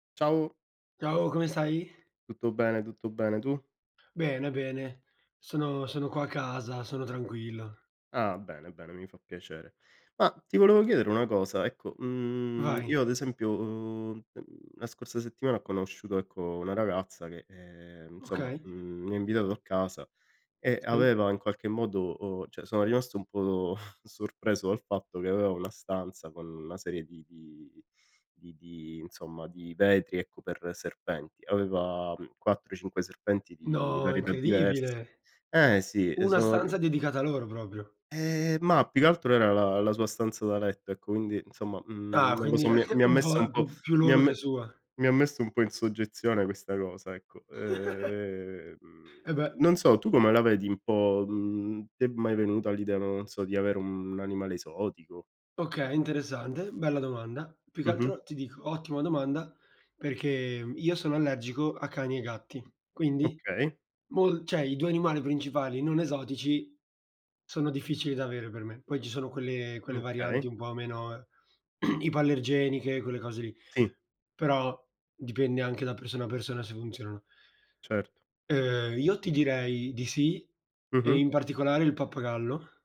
Ciao. Ciao, come stai? Tutto bene, tutto bene, tu? Bene, bene. Sono sono qua a casa, sono tranquillo. Ah bene, bene, mi fa piacere. Ma ti volevo chiedere una cosa: ecco, mhmm, Vai. io ad esempio, uhm, mhmm, la scorsa settimana ho conosciuto ecco una ragazza che, ehm, insomma, Okay. mhmm, mi ha invitato a casa e Sì. aveva in qualche modo uhm, cioè sono rimasto un po' do sorpreso dal fatto che aveva una stanza con una serie di di di di insomma di vetri ecco per serpenti. Aveva, mhmm, 4, 5 serpenti di No, varietà diverse. incredibile! Eh sì! E Una sono ri stanza dedicata a loro proprio. Eh mah, più che altro era la la sua stanza da letto ecco, quindi insomma, mhmm, Ah! non lo Quindi so, mi ha anche mi ha un messo po' un po' più più mi ha loro che me sua. mi ha messo un po' in soggezione questa cosa, ecco. Ehm, E beh. non so, tu come la vedi un po' mhmm, ti è mai venuta l'idea, non so, di avere un animale esotico? Okay, interessante, bella domanda. Più che Mh-mh. altro ti dico, ottima domanda perché io sono allergico a cani e gatti, quindi Okay. mol cioè i 2 animali principali non esotici sono difficili da avere per me. Poi ci sono quelle quelle Okay. varianti un po' meno ipoallergeniche, quelle cose lì; Sì. però dipende anche da persona a persona se funzionano. Certo. Ehm, io ti direi di sì e Mh-mh. in particolare il pappagallo.